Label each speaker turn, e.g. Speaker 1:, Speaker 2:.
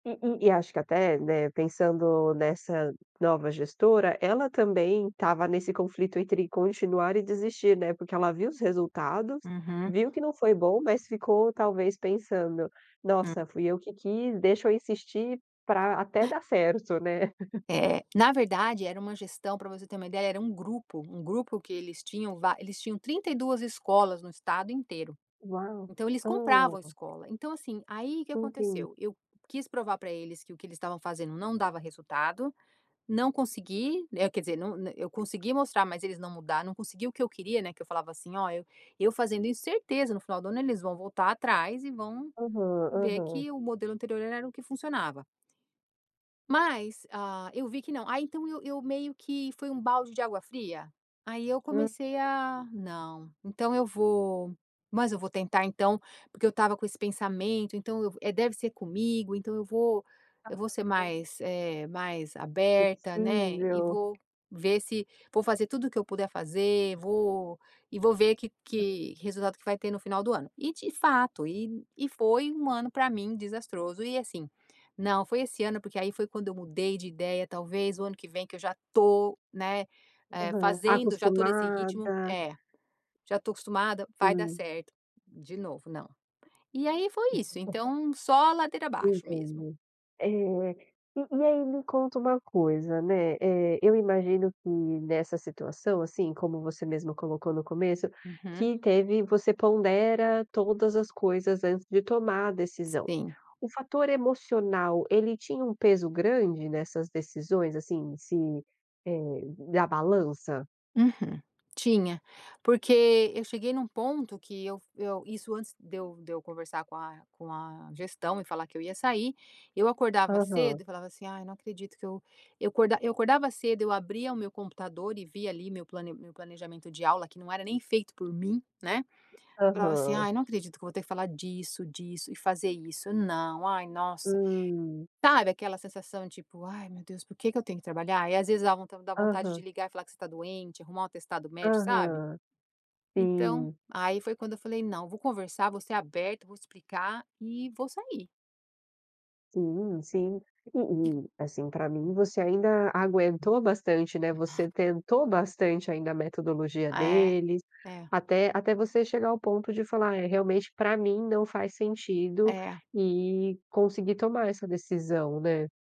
Speaker 1: Hum, hum, e acho que até, né, pensando nessa nova gestora, ela também estava nesse conflito entre continuar e desistir, né, porque ela viu os resultados,
Speaker 2: Uhum.
Speaker 1: viu que não foi bom, mas ficou talvez pensando,
Speaker 2: Hum.
Speaker 1: nossa fui eu que quis, deixa eu insistir, para até dar certo, né.
Speaker 2: É, na verdade era uma gestão para você ter uma ideia era um grupo, um grupo que eles tinham va eles tinham 32 escolas no estado inteiro.
Speaker 1: Uau,
Speaker 2: Então eles compravam
Speaker 1: oh.
Speaker 2: escola, então assim, aí o que
Speaker 1: Ok.
Speaker 2: aconteceu? Eu quis provar para eles, que o que eles estavam fazendo não dava resultado, não consegui, é quer dizer não eu consegui mostrar, mas eles não mudaram, não consegui o que eu queria, né, que eu falava assim: "Olha, eu fazendo isso certeza no final do ano eles vão voltar atrás, e vão,
Speaker 1: Aham,
Speaker 2: ver
Speaker 1: aham.
Speaker 2: que o modelo anterior era o que funcionava". Mas, ah, eu vi que não, aí então eu eu meio que foi um balde de água fria, aí eu comecei
Speaker 1: [unintelligible]
Speaker 2: a, não, então eu vou, mas eu vou tentar então, porque eu estava com esse pensamento então eu, é deve ser comigo então eu vou, eu vou ser
Speaker 1: Aham.
Speaker 2: mais, eh, mais aberta, né, e
Speaker 1: Flexível.
Speaker 2: vou ver se, vou fazer tudo o que eu puder fazer, vou e vou ver que
Speaker 1: Hã.
Speaker 2: que o resultado que vai ter no final do ano. E de fato, e e foi um ano para mim desastroso e assim, não, foi esse ano porque aí foi quando eu mudei de ideia talvez o ano que vem que eu já estou, né, eh,
Speaker 1: Aham,
Speaker 2: fazendo, já estou nesse ritmo,
Speaker 1: acostumada.
Speaker 2: é, já estou acostumada, vai dar
Speaker 1: Hã.
Speaker 2: certo, de novo não. E aí foi isso então só a ladeira abaixo mesmo.
Speaker 1: Entendo, é, e e aí me conta uma coisa né, é, eu imagino que nessa situação, assim, como você mesmo colocou no começo,
Speaker 2: Uhum.
Speaker 1: que teve, você pondera todas as coisas antes de tomar a decisão.
Speaker 2: Sim.
Speaker 1: O fator emocional ele tinha um peso grande nessas decisões assim se, eh, na balança?
Speaker 2: Uhum, tinha, porque eu cheguei num ponto que eu eu isso antes de eu de eu conversar com a com a gestão e falar que eu ia sair, eu acordava cedo
Speaker 1: Aham.
Speaker 2: e falava assim ai não acredito que eu, eu acordava eu acordava cedo eu abria o meu computador e vi ali meu plane meu planejamento de aula que não era nem feito por mim, né. Falava assim:
Speaker 1: Aham.
Speaker 2: "Ai não acredito que eu vou ter que falar disso, disso e fazer isso, não, ai nossa",
Speaker 1: Hum.
Speaker 2: sabe aquela sensação tipo, ai meu Deus por que que eu tenho que trabalhar? E às vezes dá vontade de
Speaker 1: Aham.
Speaker 2: ligar e falar que você está doente, arrumar um atestado médico, sabe?
Speaker 1: Aham,
Speaker 2: Então,
Speaker 1: sim.
Speaker 2: aí foi quando eu falei não, vou conversar, vou ser aberta, vou explicar e vou sair.
Speaker 1: Sim, sim, e
Speaker 2: [unintelligible]
Speaker 1: e assim para mim você ainda aguentou bastante, né, você tentou bastante ainda a metodologia
Speaker 2: É,
Speaker 1: deles,
Speaker 2: é.
Speaker 1: até até você chegar ao ponto de falar: "É realmente para mim não faz sentido"
Speaker 2: É.
Speaker 1: e conseguir tomar essa decisão, né.